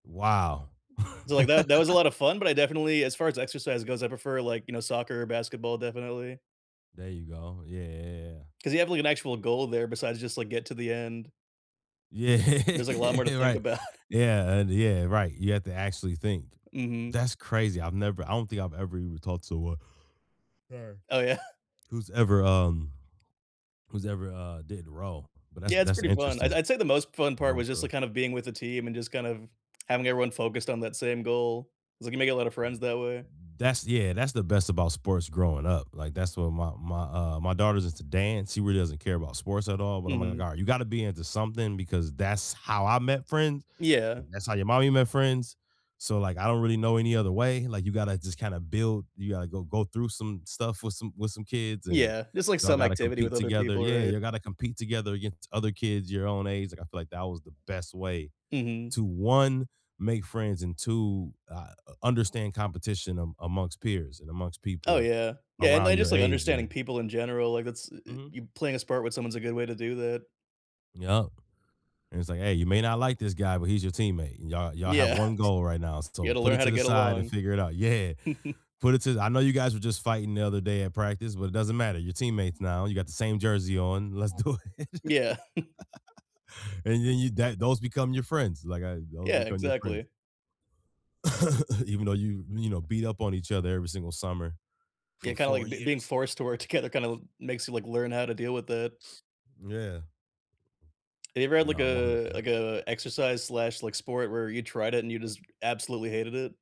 Wow. So, like, that that was a lotta fun, but I definitely as far as exercise goes, I prefer, like, you know, soccer or basketball, definitely. There you go, yeah. 'Cause you have like an actual goal there besides just like get to the end. Yeah, There's like a lot more to think right, about. yeah, and yeah, right, you have to actually think Mhm. that's crazy, I've never I don't think I've ever even talked to a sorry, Oh yeah. who's ever um, who's ever, uh, did row, but that's Yeah, it's that's pretty fun, interesting, I'd I'd say the most fun part row was just, crew. like, kind of, being with the team, and just, kind of, having everyone focused on that same goal, like you make a lotta friends that way. That's yeah, that's the best about sports growing up, like, that's what my my uh, my daughter's into dance, she really doesn't care about sports at all, but I'm like, "Oh, my Mhm. god" you gotta be into something because that's how I met friends, Yeah. and that's how your mommy met friends, so like, I don't really know any other way, like you gotta, just kind of build you gotta go go through some stuff, with some with some kids and Yeah, just like y'all some gotta activity with compete other together people, yeah, right. you gotta compete together against other kids your own age, like I feel like that was the best way, Mhm. to 1, make friends and 2, ah uh understand competition amon amongst peers, and amongst Oh people yeah yeah, and around I just your like age understanding and people in general, like that's, eh eh, Mhm. you playing a sport with someone, is a good way to do that. Yep, and it's like, "Hey, you may not like this guy, but he's your teammate and y'all y'all have Yeah, 1 goal right now, you so, gotta put learn it how to to the get side and along. figure it out." Yeah, put it to the I know you guys were just fighting the other day at practice, but it doesn't matter, you're teammates now, you got the same jersey on, let's do it. Yeah. and then you that those become your friends, like I those Yeah, become your friends. exactly. Even though you you know, beat up on each other every single summer for Yeah, kinda, 4 like, be being years. forced to work together kinda makes you, like, learn how to deal with it. Yeah. Have you ever had like Nah, 100 uh like, per uh, exercise slash like sport where you tried it, and you just absolutely hated it?